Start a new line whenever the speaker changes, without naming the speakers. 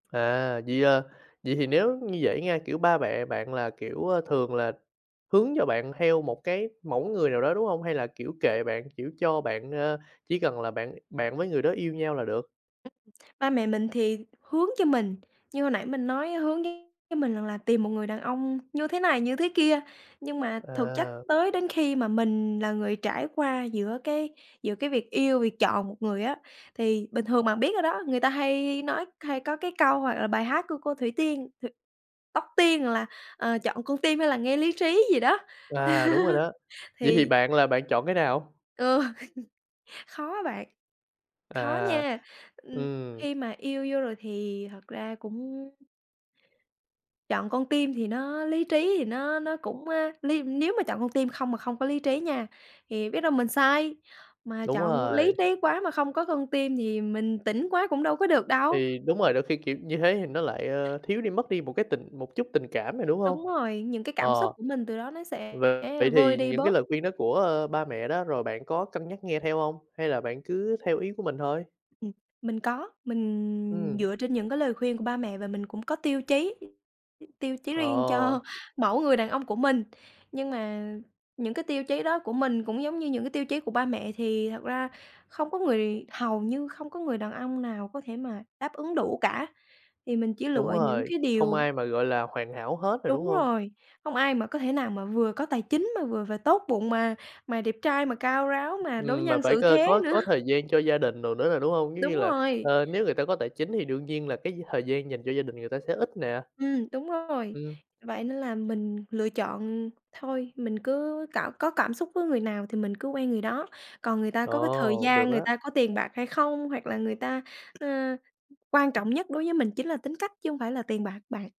À, vậy à. Vậy thì nếu như vậy nha, kiểu, ba mẹ bạn là, kiểu, ơ, thường là hướng cho bạn theo một cái mẫu người nào đó, đúng hông? Hay là, kiểu, kệ bạn, kiểu, cho bạn, a, chỉ cần là bạn bạn với người đó yêu nhau là được?
Ưm, ba mẹ mình thì hướng cho mình, như hồi nãy mình nói hướng với mình rằng là tìm một người đàn ông như thế này, như thế kia. Nhưng mà thực chất
À.
tới đến khi mà mình là người trải qua giữa cái giữa cái việc yêu, việc chọn một người á, thì bình thường bạn biết rồi đó, người ta hay nói hay có cái câu hoặc là bài hát của cô Thủy Tiên hự, Tóc Tiên là, ờ, "chọn con tim hay là nghe lý trí" gì đó.
À, đúng rồi đó. Vậy thì
Thì
bạn là bạn chọn cái nào?
ừ, khó á bạn, khó
À,
nha, ừm,
ừm.
khi mà yêu vô rồi thì thật ra cũng Chọn con tim thì nó lý trí thì nó nó cũng, a, ly nếu mà chọn con tim không mà không có lý trí nha, thì biết đâu mình sai. Mà
Đúng
chọn lý
rồi.
trí quá mà không có con tim thì mình tỉnh quá cũng đâu có được đâu.
Thì đúng rồi, đôi khi, kiểu, như thế thì nó lại, ơ, thiếu đi mất đi một cái tình một chút tình cảm rồi, đúng hông?
Đúng rồi, những cái cảm xúc
Ờ.
của mình từ đó nó
V
sẽ
vậy
vơi
thì
đi
những cái
bớt.
lời khuyên đó của, ơ, ba mẹ đó rồi bạn có cân nhắc nghe theo hông? Hay là bạn cứ theo ý của mình thôi?
Ừm, mình có. Mình
Ừm.
dựa trên những cái lời khuyên của ba mẹ và mình cũng có tiêu chí, ưm, tiêu chí riêng cho
Ờ.
mẫu người đàn ông của mình. Nhưng mà những cái tiêu chí đó của mình cũng giống như những cái tiêu chí của ba mẹ, thì thật ra không có người hầu như không có người đàn ông nào có thể mà đáp ứng đủ cả, thì mình chỉ
Đúng
lựa những
rồi,
cái
không
điều
ai mà, gọi là, hoàn hảo hết rồi, đúng
Đúng
không?
rồi, không ai mà có thể nào mà vừa có tài chính, mà vừa và tốt bụng, mà mà đẹp trai, mà cao ráo, mà đối
Ừm, mà
nhân
phải c
xử thế
có
nữa.
có thời gian cho gia đình đồ nữa nè, đúng hông? Giống như
Đúng
là,
rồi.
ờ, nếu người ta có tài chính thì đương nhiên là cái thời gian dành cho gia đình người ta sẽ ít nè.
Ừm, đúng rồi,
Ừm.
vậy nên là mình lựa chọn thôi, mình cứ cảm có cảm xúc với người nào thì mình cứ quen người đó. Còn người ta có cái thời
Ồ,
gian,
được
người
á.
ta có tiền bạc hay không, hoặc là người ta, ơ, quan trọng nhất đối với mình chính là tính cách chứ không phải là tiền bạc bạn.